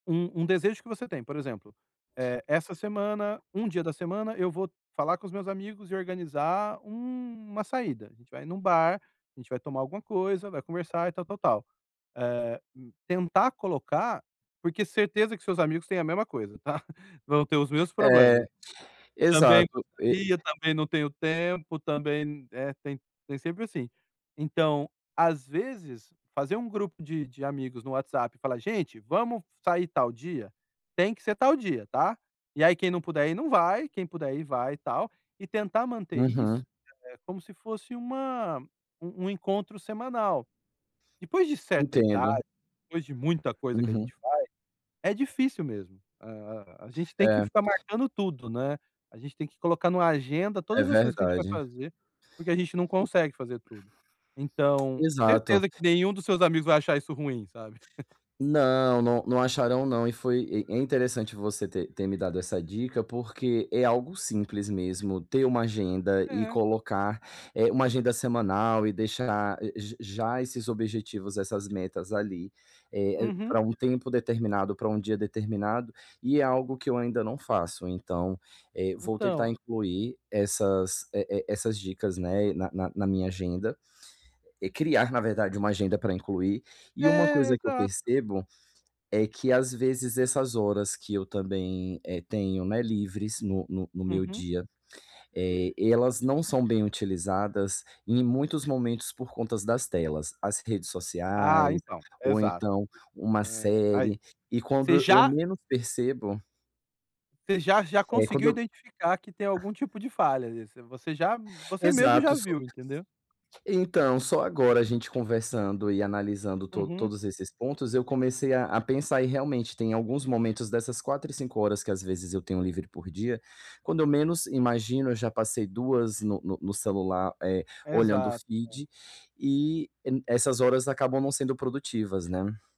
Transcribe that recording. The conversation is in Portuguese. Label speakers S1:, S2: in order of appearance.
S1: Um um desejo que você tem, por exemplo, "eh, essa semana, um dia da semana, eu vou falar com os meus amigos e organizar uma saída, a gente vai em um bar, a gente vai tomar alguma coisa, vai conversar e tal, tal, tal". Eh, hum, tentar colocar porque certeza que seus amigos têm a mesma coisa, tá, vão ter os mesmos problemas.
S2: É,
S1: Também
S2: exato, e
S1: gostaria, também não tenho tempo, também n eh, tem tem sempre assim. Então, às vezes, fazer um grupo de de amigos no WhatsApp e falar: "Gente, vamos sair tal dia? Tem que ser tal dia, tá", e aí quem não puder ir não vai, quem puder ir vai e tal, e tentar manter isso,
S2: Uhum.
S1: eh, como se fosse uma um um encontro semanal. Depois de certa
S2: Entendo.
S1: idade, depois de muita coisa que a
S2: Uhum.
S1: gente faz, é difícil mesmo, a a gente tem que
S2: É.
S1: ficar marcando tudo, né, a gente tem que colocar em uma agenda
S2: É
S1: todas as coisas que a gente vai
S2: verdade.
S1: fazer, porque a gente não consegue fazer tudo. Então
S2: Exato.
S1: certeza que nenhum dos seus amigos vai achar isso ruim, sabe.
S2: Não, não não acharão não, e foi e é interessante você ter ter me dado essa dica, porque é algo simples mesmo ter uma agenda e
S1: É.
S2: colocar, eh, uma agenda semanal e deixar j já esses objetivos, essas metas ali, eh,
S1: Uhum.
S2: para um tempo determinado, para um dia determinado, e é algo que eu ainda não faço, então, eh, vou tentar
S1: Então.
S2: incluir essas, eh eh, essas dicas, né, na na na minha agenda, e criar, na verdade, uma agenda para incluir, e uma
S1: É,
S2: coisa que eu
S1: exato.
S2: percebo é que às vezes essas horas que eu também, eh, tenho, né, livres no no no meu
S1: Uhum.
S2: dia, eh, elas não são bem utilizadas em muitos momentos por conta das telas, as redes
S1: Ah,
S2: sociais,
S1: então,
S2: ou
S1: exato.
S2: então uma
S1: Eh, aí,
S2: série, e
S1: você
S2: quando e eu
S1: já
S2: menos percebo
S1: você já já
S2: eh,
S1: conseguiu
S2: quando eu
S1: identificar que tem algum tipo de falha ali, você você já você mesmo já
S2: Exato só
S1: viu, entendeu.
S2: Então, só agora a gente conversando e analisando to
S1: Uhum.
S2: todos esses pontos, eu comecei a a pensar, e realmente, tem alguns momentos dessas 4 e 5 horas que às vezes eu tenho livre por dia, quando eu menos imagino, eu já passei 2 no no no celular, eh, olhando o
S1: Exato, é.
S2: feed e n essas horas acabam não sendo produtivas, né.